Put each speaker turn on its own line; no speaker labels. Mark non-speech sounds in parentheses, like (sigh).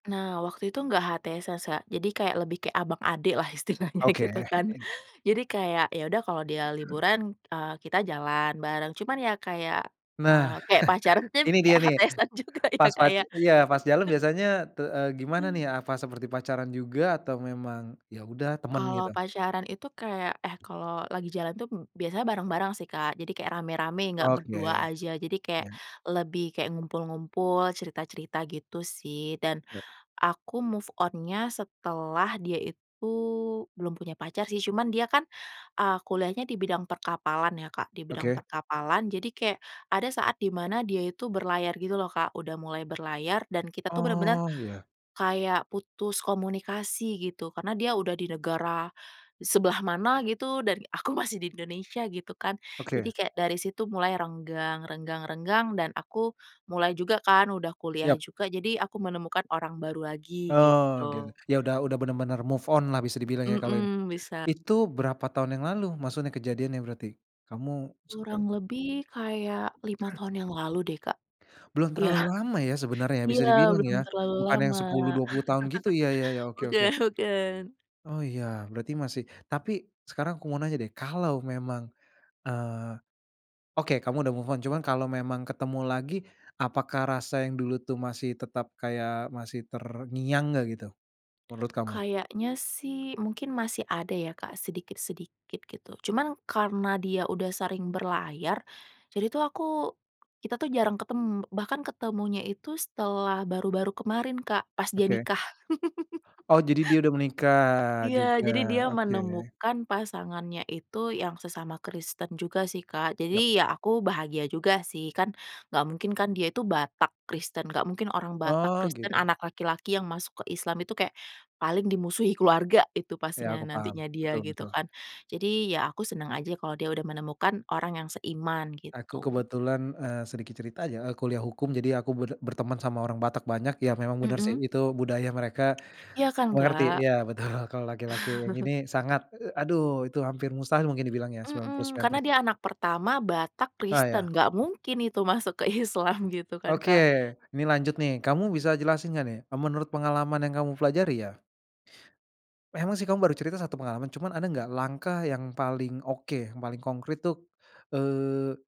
Nah waktu itu gak HTS sasa, jadi kayak lebih kayak abang adek lah istilahnya
Oke.
gitu kan jadi kayak, ya udah kalo dia liburan, eee, kita jalan bareng cuman ya kayak,
Nah,
eee, kayak pacaran tim,
(laughs) ini dia
kayak
nih,
HTS-an juga ya
pas
Kak,
pac
ya.
iya, pas jalan
(laughs)
biasanya te eee, gimana nih apa seperti pacaran juga atau memang ya udah temen
Kalo
gitu?
pacaran itu kayak eh kalo lagi jalan tuh m biasanya bareng-bareng sih, Kak. Jadi kayak rame-rame enggak berdua
Oke.
aja, jadi kayak
Ya.
lebih kayak ngumpul-ngumpul, cerita-cerita gitu sih dan
Ya.
aku move on-nya setelah dia itu belum punya pacar sih cuman dia kan, eee, kuliahnya di bidang perkapalan ya Kak, di bidang
Oke.
perkapalan jadi kayak ada saat dimana dia itu berlayar gitu loh Kak, udah mulai berlayar dan kita tuh bener-bener
Oh iya.
kayak putus komunikasi gitu, karena dia udah di negara e sebelah mana gitu dan aku masih di Indonesia gitu kan jadi
Oke.
kayak dari situ mulai renggang renggang renggang dan aku mulai juga kan, udah kuliah
Yap.
juga jadi aku menemukan orang baru lagi,
Oh gitu.
gitu.
Ya udah udah bener-bener move on lah bisa dibilang ya kalo ini.
Mmm, bisa.
Itu berapa tahun yang lalu maksudnya kejadiannya berarti, kamu suka
Kurang lebih kayak 5
Heeh.
tahun yang lalu deh Kak.
Belum
Iya.
terlalu lama ya, sebenarnya ya bisa
Iya,
dibilang
belum
ya?
terlalu
Bukan yang
lama.
10, 20 tahun gitu ya ya ya,
(laughs)
oke oke.
Bukan bukan.
Oh iya, berarti masih tapi sekarang aku mau nanya deh, kalau memang, eee, oke kamu udah move on cuman kalo memang ketemu lagi, apakah rasa yang dulu tuh masih tetap kayak, masih terngiang enggak gitu? Menurut kamu?
Kayaknya sih mungkin masih ada ya Kak, sedikit-sedikit gitu, cuman karena dia udah sering berlayar jadi tuh aku. Kita tuh jarang ketem bahkan ketemunya itu setelah baru-baru kemarin Kak, pas dia
Oke.
nikah. (laughs)
Oh jadi dia udah menikah,
Iya,
juga,
jadi dia
oke.
menemukan pasangannya itu, yang sesama Kristen juga sih, Kak.
Yap.
Jadi ya aku bahagia juga sih kan enggak mungkin kan dia itu Batak Kristen, enggak mungkin orang Batak
Oh
Kristen,
gitu.
anak laki-laki yang masuk ke Islam itu kayak paling dimusuhi keluarga itu
Ya,
pastinya
aku paham.
nantinya dia
Betul
gitu
betul.
kan, jadi ya aku senang aja kalo dia udah menemukan orang yang seiman
Aku
gitu.
kebetulan eee, sedikit cerita aja, eee, kuliah hukum jadi aku ber berteman sama orang Batak banyak, ya memang benar sih
Mmm.
itu budaya mereka,
Ya kan,
mengerti.
Kak.
Iya betul, kalau laki-laki
(laughs)
ini sangat, e e aduh itu hampir mustahil mungkin dibilang ya sembilan puluh
Mmm,
sembilan persen.
karena dia anak pertama, Batak,
Oh
Kristen,
ya,
enggak
pasti.
mungkin itu masuk ke Islam, gitu kan,
Oke,
Kak.
nih lanjut nih kamu bisa jelasin nggak nih, e menurut pengalaman yang kamu pelajari ya. Memang sih kamu baru cerita 1 pengalaman, cuman ada enggak langkah yang paling oke, yang paling konkrit tuh, eee